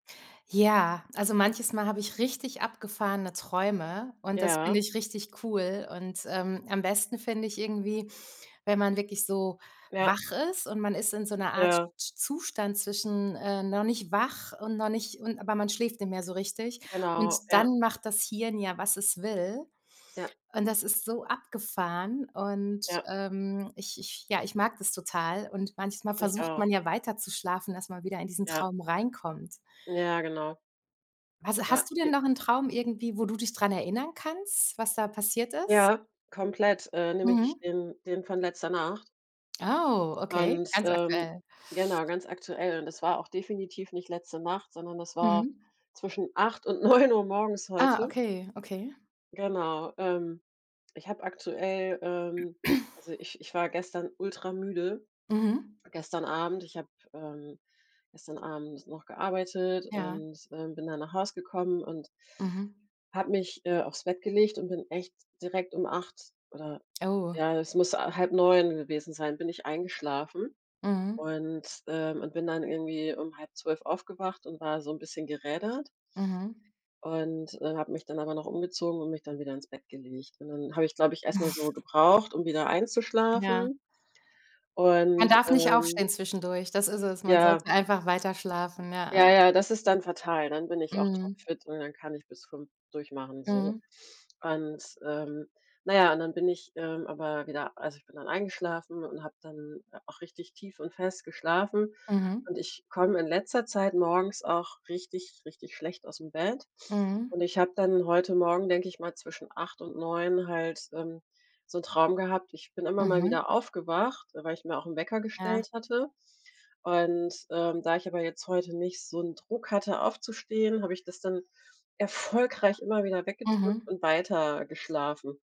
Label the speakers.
Speaker 1: Ja, also manches Mal habe ich richtig abgefahrene Träume und das
Speaker 2: Ja.
Speaker 1: finde ich richtig cool und, ähm, am besten finde ich irgendwie, wenn man wirklich so
Speaker 2: Ja.
Speaker 1: wach ist und man ist in so 'ner Art Z
Speaker 2: Ja.
Speaker 1: sch zustand zwischen, äh, noch nicht wach und noch nicht und aber man schläft nicht mehr so richtig.
Speaker 2: Genau,
Speaker 1: Und
Speaker 2: ja.
Speaker 1: dann macht das Hirn ja, was es will
Speaker 2: Ja.
Speaker 1: und das ist so abgefahren und,
Speaker 2: Ja.
Speaker 1: ähm, ich ich ja, ich mag das total. Und manchmal
Speaker 2: Ich
Speaker 1: versucht man
Speaker 2: auch.
Speaker 1: ja weiter zu schlafen, dass man wieder in diesen
Speaker 2: Ja.
Speaker 1: Traum reinkommt.
Speaker 2: Ja, genau.
Speaker 1: Was
Speaker 2: Ja.
Speaker 1: hast du denn
Speaker 2: J
Speaker 1: noch 'n Traum irgendwie, wo du dich dran erinnern kannst, was da passiert ist?
Speaker 2: Ja, komplett, äh, nämlich
Speaker 1: Mhm.
Speaker 2: den den von letzter Nacht
Speaker 1: Oh, okay,
Speaker 2: und
Speaker 1: ganz
Speaker 2: ähm,
Speaker 1: aktuell.
Speaker 2: genau, ganz aktuell. Und es war auch definitiv nicht letzte Nacht, sondern das war
Speaker 1: Mhm.
Speaker 2: zwischen 8:00 und 9:00 morgens
Speaker 1: Ah,
Speaker 2: heute.
Speaker 1: okay, okay.
Speaker 2: Genau, ähm, ich habe aktuell ähm, also ich ich war gestern ultra-müde
Speaker 1: Mhm.
Speaker 2: gestern Abend. Ich habe, ähm, gestern Abend noch gearbeitet
Speaker 1: Ja.
Speaker 2: und, ähm, bin dann nach Hause gekommen und
Speaker 1: Mhm.
Speaker 2: habe mich, äh, auf's Bett gelegt und bin echt direkt um 8:00 oder
Speaker 1: Oh.
Speaker 2: ja, es muss a 8:30 gewesen sein, bin ich eingeschlafen
Speaker 1: Mhm.
Speaker 2: und ähm, und bin dann irgendwie um 11:30 aufgewacht und war so 'n bisschen gerädert
Speaker 1: Mhm.
Speaker 2: und, äh, habe mich dann aber noch umgezogen und mich dann wieder ins Bett gelegt. Und dann habe ich, glaube ich, erst mal so gebraucht, um wieder
Speaker 1: Ja.
Speaker 2: einzuschlafen
Speaker 1: Man
Speaker 2: und,
Speaker 1: darf nicht
Speaker 2: ähm
Speaker 1: aufstehen zwischendurch, das ist es. Man
Speaker 2: Ja.
Speaker 1: sollte einfach weiterschlafen, ja,
Speaker 2: Ja,
Speaker 1: ja.
Speaker 2: ja, das ist dann fatal. Dann bin ich auch
Speaker 1: Mhm.
Speaker 2: topfit und dann kann ich bis 5 durchmachen so.
Speaker 1: Mhm.
Speaker 2: Und ähm na ja und dann bin ich, ähm, aber wieder also ich bin dann eingeschlafen und habe dann auch richtig tief und fest geschlafen.
Speaker 1: Mhm.
Speaker 2: Und ich komme in letzter Zeit morgens auch richtig, richtig schlecht ausm Bett.
Speaker 1: Mhm.
Speaker 2: Und ich habe dann heute Morgen, denke ich mal, zwischen 8 und 9 halt, ähm, so 'n Traum gehabt. Ich bin immer mal
Speaker 1: Mhm.
Speaker 2: wieder aufgewacht, weil ich mir auch 'n Wecker
Speaker 1: Ja.
Speaker 2: gestellt hatte. Und, ähm, da ich aber jetzt heute nicht so 'n Druck hatte aufzustehen, habe ich das dann erfolgreich immer wieder weggedrückt
Speaker 1: Mhm.
Speaker 2: und weiter geschlafen.